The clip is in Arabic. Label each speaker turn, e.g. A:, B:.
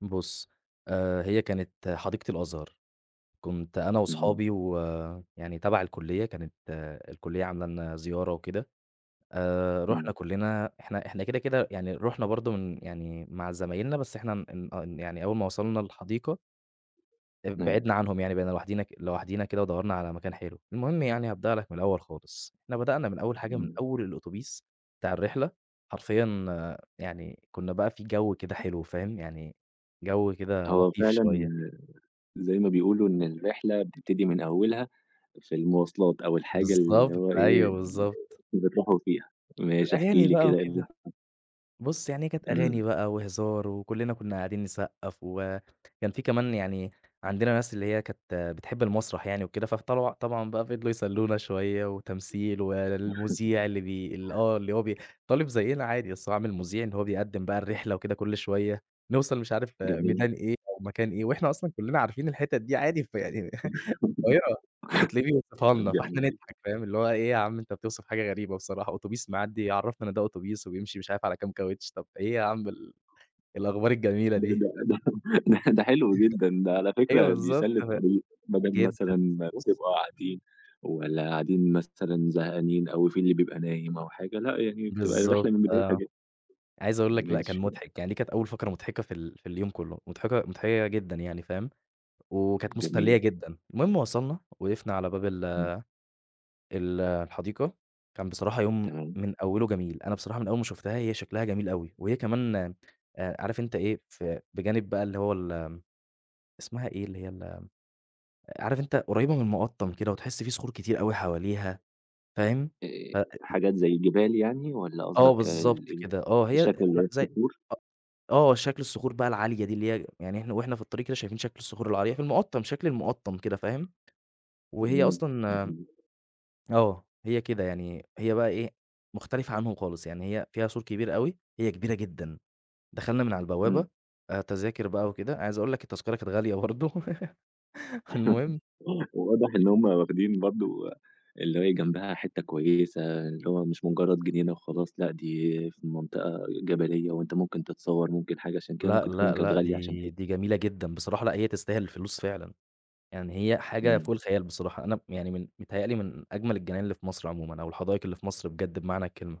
A: بُصّ، آآ هي كانت حديقة الأزهر، كنت أنا
B: إمم.
A: وأصحابي ويعني تبع الكلية كانت الكلية عاملة لنا زيارة وكده، آآ رُحنا
B: إمم.
A: كُلّنا إحنا إحنا كده، كده، يعني رُحنا برضه من يعني مع زمايلنا بس إحنا إن أن يعني أول ما وصلنا الحديقة ب
B: أيوه.
A: بعدنا عنهم يعني بقينا لوحدينا ك لوحدينا كده ودوّرنا على مكان حلو، المهم يعني هابدأ لك من الأول خالص، إحنا بدأنا من أول حاجة من
B: إمم.
A: أول الأوتوبيس بتاع الرحلة، حرفيًا يعني كنّا بقى في جو كده حلو فاهم، يعني جو كده
B: هو
A: لطيف
B: فعلًا
A: شوية.
B: زي ما بيقولوا إن الرحلة بتبتدي من أوّلها في المواصلات، أو الحاجة اللي
A: بالضبط،
B: هو إيه،
A: أيوه بالضبط.
B: اللي بتروحوا فيها، ماشي احكِ
A: الأغاني
B: لي
A: بقى
B: كده، إيه اللي
A: وكده،
B: حصل؟
A: بُصّ يعني هي كانت أغاني
B: إمم.
A: بقى وهزار، وكُلّنا كنّا قاعدين نصقّف وكان في كمان يعني عندنا ناس اللي هي كانت بتحب المسرح يعني وكده، [unintelligible] طبعًا طبعًا بقى فضلوا يسلّونا شوية وتمثيل، والمذيع اللي بي اللي آه اللي هو بي -طالِب زينا عادي بس هو عامِل مذيع إن هو بيقدّم بقى الرحلة وكده كلّ شوية، نوصل مش عارف
B: جميل.
A: ميدان إيه أو مكان إيه، وإحنا أصلًا كُلّنا عارفين الحِتَت دي عادي فيعني، القاهرة وتلاقيه بيوصفها لنا فإحنا
B: جميل.
A: نضحك فاهم، اللي هو إيه يا عم بتوصف حاجة غريبة بصراحة، أوتوبيس معدّي يعرفنا إن ده أوتوبيس وبيمشي مش عارف على كام كاوتش، طَب إيه يا عم ال الأخبار الجميلة
B: ده
A: دي.
B: ده ده ده ده، حلو جدًا ده
A: [unintelligible]
B: على
A: أيوه
B: فكرة
A: بالضبط
B: بيسلّي
A: ف
B: الطريق، بدل
A: جدًا
B: مثلًا ما
A: بُصّ
B: بتبقوا قاعدين، والّا قاعدين مثلًا زهقانين، أو في اللي بيبقى نايم أو حاجة، لأ يعني بتبقى
A: بالضبط
B: الرحلة من بدايتها
A: آه،
B: ج
A: عايز أقول لك لأ كان
B: ماشي.
A: مضحك يعني دي كانت أول فقرة مضحكة في ال في اليوم كُلّه، مضحكة مضحكة جدًا يعني فاهم، وكانت مسلّية
B: جميل.
A: جدًا، المهم وصلنا وقفنا على باب ال
B: إمم.
A: ال الحديقة، كان بصراحة يوم
B: تمام.
A: من أوله جميل، أنا بصراحة من أول ما شُفتها هي شكلها جميل أوي، وهي كمان آآ عارف أنت إيه ف بجانب بقى اللي هو ال آمم، اسمها إيه اللي هي ال عارف أنت قريّبة من المقطّم كده، وتحس في صخور كتير أوي حواليها، فاهم،
B: آآ
A: ف [unintelligible]
B: حاجات زي جبال يعني، والّا
A: آه
B: قصدك
A: بالضبط
B: ال إيه
A: كده، آه هي أ
B: الشكل اللي
A: ن
B: هي
A: زي
B: الصخور؟
A: أ آه شكل الصخور بقى العالية دي اللي هي يعني إحنا وإحنا في الطريق كده شايفين شكل الصخور العالية في المقطّم شكل المقطّم كده فاهم، وهي
B: إمم،
A: أصلًا آمم،
B: جميل.
A: آه، هي كده يعني هي بقى إيه، مختلفة عنهم خالص، يعني هي فيها سور كبير أوي هي كبيرة جدًا، دخلنا من على البوابة،
B: إمم.
A: تَذَاكر بقى وكده، عايز أقول لك التذكرة كانت غالية برضه، فالمهم
B: واضح إن هُم واخدين برضه، اللي هي جنبها حتّة كويسة اللي هو مش مجرد جنينة وخلاص، لأ دي في منطقة جبلية وأنت ممكن تتصوّر ممكن حاجة، عشان كده
A: لأ،
B: ممكن تكون
A: لأ،
B: كانت
A: لأ،
B: غالية عشان
A: دي
B: كده.
A: دي جميلة جدًا، بصراحة لأ هي تستاهل الفلوس فعلًا، يعني هي حاجة
B: إمم.
A: فوق الخيال بصراحة، أنا ب يعني من متهيأ لي من أجمل الجناين اللي في مصر عمومًا، أو الحدايق اللي في مصر بجد بمعنى الكلمة.